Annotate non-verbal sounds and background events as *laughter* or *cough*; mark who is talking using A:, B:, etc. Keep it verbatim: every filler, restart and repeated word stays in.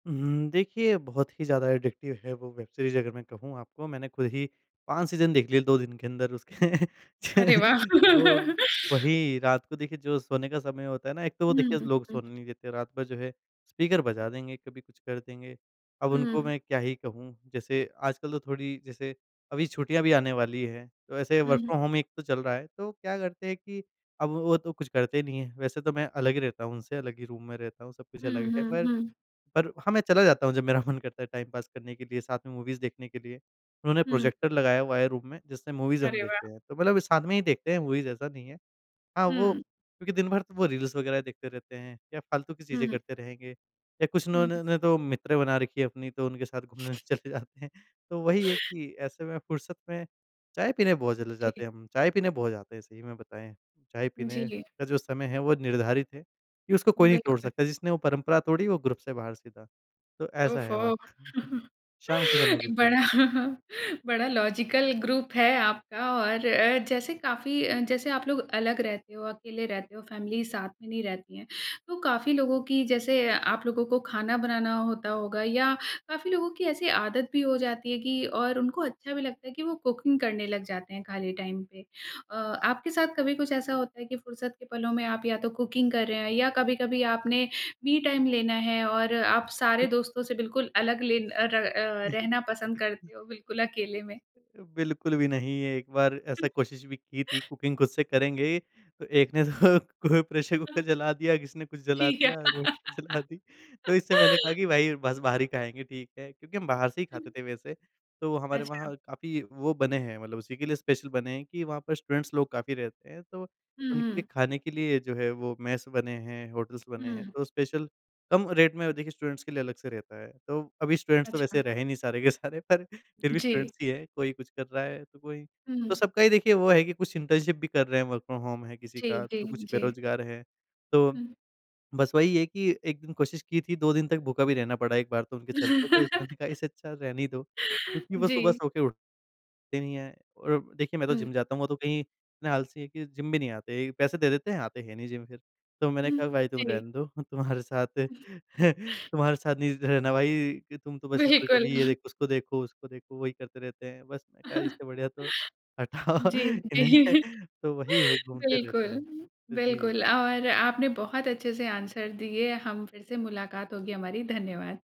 A: उहुँ, देखिए बहुत ही ज़्यादा एडिक्टिव है वो वेब सीरीज़। अगर मैं कहूँ आपको मैंने ख़ुद ही पाँच सीज़न देख लिए दो दिन के अँदर उसके।
B: अरे वाह!
A: *laughs* ओ
B: *laughs*
A: वही रात को देखिए जो सोने का समय होता है ना, एक तो वो
B: हुँ,
A: देखिए लोग
B: हुँ।
A: सोने नहीं देते रात भर जो है, स्पीकर बजा देंगे, कभी कुछ कर देंगे। अब उनको
B: हुँ।
A: मैं क्या ही कहूँ? जैसे आजकल तो थोड़ी जैसे अभी छुट्टियाँ भी आने वाली हैं। तो ऐसे वर्क
B: हुँ।
A: फ्रॉम होम एक तो चल रहा है तो क्या करते हैं कि अब वो तो कुछ करते नहीं है। वैसे तो मैं अलग ही रहता हूँ। उनसे अलग ही रूम में रहता हूँ। सब कुछ
B: हुँ,
A: अलग है।
B: हुँ,
A: पर,
B: हुँ।
A: पर हाँ मैं चला जाता हूँ जब मेरा मन करता है टाइम पास करने के लिए साथ में मूवीज़ देखने के लिए। उन्होंने
B: हुँ।
A: प्रोजेक्टर लगाया हुआ है रूम में जिससे मूवीज़ हम
B: अरे वाह!
A: देखते हैं। तो मतलब साथ में ही देखते हैं मूवीज़ ऐसा नहीं है। हाँ, वो
B: हुँ।
A: क्योंकि दिन भर तो वो रील्स वग़ैरह देखते रहते हैं या फ़ालतू की चीज़ें
B: हुँ।
A: करते रहेंगे। या कुछ ना
B: हुँ।
A: इन्होंने ने तो मित्र बना रखी हैं अपनी तो उनके साथ घूमने चले जाते हैं। तो वही है कि ऐसे में फ़ुर्सत में चाय पीने बहुत चले
B: जी।
A: जाते हैं हम, चाय पीने बहुत जाते हैं सही में बताएँ। चाय पीने
B: जी।
A: का जो समय है वो निर्धारित है कि उसको कोई नहीं तोड़
B: बिल्कुल।
A: सकता जिसने वो परंपरा तोड़ी वो ग्रुप से बाहर सीधा। तो ऐसा है हमारा।
B: ओफ़ो। *chuckles*
A: *chuckles* शाम के समय
B: एक
A: बिल्कुल।
B: बड़ा *chuckles* बड़ा लॉजिकल ग्रुप है आपका और अ, जैसे काफ़ी अ, जैसे आप लोग अलग रहते हो, अकेले रहते हो, फ़ैमिली साथ में नहीं रहती है, तो काफ़ी लोगों की जैसे आप लोगों को ख़ाना बनाना होता होगा या काफ़ी लोगों की ऐसी आदत भी हो जाती है कि और उनको अच्छा भी लगता है कि वो कुकिंग करने लग जाते हैं ख़ाली टाइम पे। अ, आपके साथ कभी कुछ ऐसा होता है कि फ़ुरसत के पलों में आप या तो कुकिंग कर रहे हैं या कभी-कभी आपने मी टाइम लेना है और आप सारे दोस्तों से बिल्कुल अलग ले अ, र अ, रहना पसंद
A: *chuckles*
B: करते हो बिल्कुल अकेले में?
A: अ, बिल्कुल भी नहीं। ये एक बार ऐसा कोशिश भी की थी,
B: *chuckles*
A: कुकिंग ख़ुद से करेंगे। तो एक ने तो को प्रेशर कुकर जला दिया, किसी ने कुछ जला
B: ठीक है।
A: दिया रोटी जला दी तो इससे मैंने कहा
B: *laughs*
A: कि भाई बस बाहर ही ख़ाएँगे ठीक है। क्योंकि हम बाहर से ही ख़ाते
B: हुँ।
A: थे। वैसे तो हमारे
B: अच्छा।
A: वहाँ काफ़ी वो बने हैं मतलब उसी के लिए स्पेशल बने हैं कि वहाँ पर स्टूडेंट्स लोग काफ़ी रहते हैं तो
B: हुँ,
A: उनके लिए
B: हुँ।
A: ख़ाने के लिए जो है वो मेस बने हैं, होटल्स बने हैं
B: हुँ।
A: तो स्पेशल कम रेट में देखिए स्टूडेंट्स के लिए अलग से रहता है। तो अभी स्टूडेंट्स तो वैसे
B: अच्छा।
A: रहे नहीं सारे के सारे पर फ़िर भी
B: जी।
A: स्टूडेंट्स ही है कोई कुछ कर रहा है तो कोई तो
B: हुँ।
A: सबका ही देखिए वो है कि कुछ इंटर्नशिप भी कर रहे हैं वर्क फ्रॉम होम है किसी
B: जी,
A: का
B: जी,
A: तो कुछ
B: जी।
A: बेरोज़गार हैं। तो
B: हुँ।
A: बस वही है कि एक दिन कोशिश की थी दो दिन तक भूखा भी रहना पड़ा एक बार तो उनके चलते। तो *unintelligible*
B: *laughs*
A: इससे अच्छा रहने ही दो। क्योंकि वो सुबह
B: जी।
A: सो के उठते नहीं हैं और देखिए मैं तो
B: हुँ।
A: जिम जाता हूँ। वो तो कहीं इतने आलसी है कि जिम भी नहीं आते, पैसे दे देते हैं आते हैं नहीं जिम फ़िर। तो मैंने कहा
B: हुँ,
A: भाई
B: *clicks tongue*
A: तुम
B: जी।
A: रहने दो तुम्हारे साथ *chuckles* तुम्हारे साथ नहीं रहना भाई कि तुम तो बस इधर
B: बिल्कुल।
A: कभी ये
B: *chuckles*
A: देखो उसको देखो, उसको देखो वही करते रहते हैं। बस मैंने कहा
B: *chuckles*
A: इससे बढ़िया तो हटाओ
B: जी
A: इन्हें
B: जी
A: तो वही है घूमते रहते
B: बिल्कुल,
A: हैं। तो जी।
B: बिल्कुल और आपने बहुत अच्छे से आंसर दिए हम फ़िर से मुलाकात होगी हमारी धन्यवाद।